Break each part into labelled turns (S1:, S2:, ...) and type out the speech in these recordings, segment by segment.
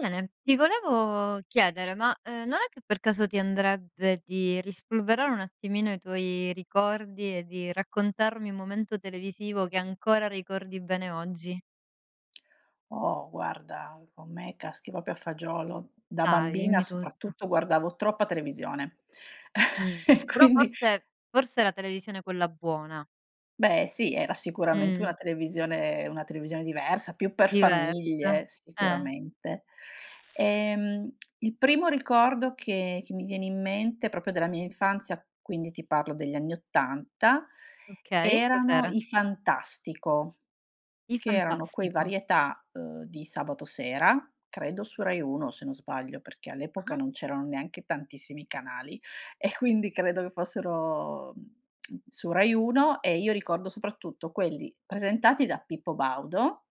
S1: Bene! Ti volevo chiedere, ma, ehm, non è che per caso ti andrebbe di rispolverare un attimino i tuoi ricordi e di raccontarmi un momento televisivo che ancora ricordi bene oggi?
S2: Oh! Guarda, con me caschi proprio a fagiolo. Da
S1: Dai,
S2: bambina
S1: dimmi tutto.
S2: soprattutto guardavo troppa televisione.
S1: Mh.
S2: E
S1: Però
S2: quindi
S1: forse forse la televisione quella buona.
S2: Beh, sì era sicuramente una
S1: Mh.
S2: televisione una televisione diversa, più per
S1: Diversa.
S2: famiglie
S1: Eh.
S2: sicuramente. Ehm, il primo ricordo che che mi viene in mente, proprio della mia infanzia, quindi ti parlo degli anni 80,
S1: Okay,
S2: erano
S1: cos'era?
S2: i Fantastico.
S1: I
S2: Che erano quei
S1: Fantastico.
S2: varietà, uhm, di sabato sera, credo su Rai Uno se non sbaglio, perché all'epoca
S1: Ah-ah.
S2: non c'erano neanche tantissimi canali e quindi credo che fossero, mhmm, su Rai Uno e io ricordo soprattutto quelli presentati da Pippo Baudo,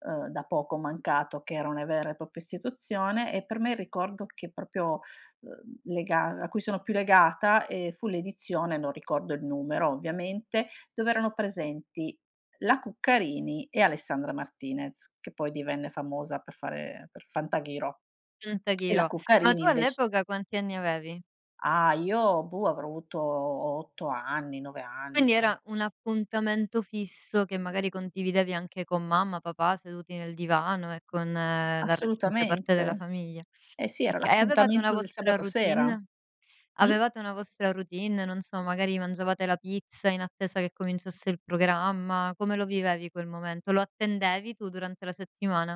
S2: uhm, da poco mancato che era una vera e propria istituzione e per me è il ricordo che proprio, uhm, lega a cui sono più legata, ehm, fu l'edizione non ricordo il numero ovviamente, dove erano presenti la Cuccarini e Alessandra Martinez, che poi divenne famosa per fare per Fantaghirò. E la
S1: Fantaghirò. Ma
S2: Cuccarini
S1: tu
S2: invec
S1: all'epoca quanti anni avevi?
S2: Ah! Io, boh, avrò avuto 8 anni, 9 anni
S1: Quindi
S2: insomma.
S1: era un appuntamento fisso che magari condividevi anche con mamma, papà seduti nel divano e con la restante parte della
S2: Assolutamente.
S1: famiglia.
S2: Eh sì, era
S1: Oka e avevate una
S2: l'appuntamento del
S1: vostra
S2: sabato sera.
S1: routine?
S2: Mh?
S1: Avevate una vostra routine? Non so, magari mangiavate la pizza in attesa che cominciasse il programma? Come lo vivevi quel momento? Lo attendevi tu durante la settimana?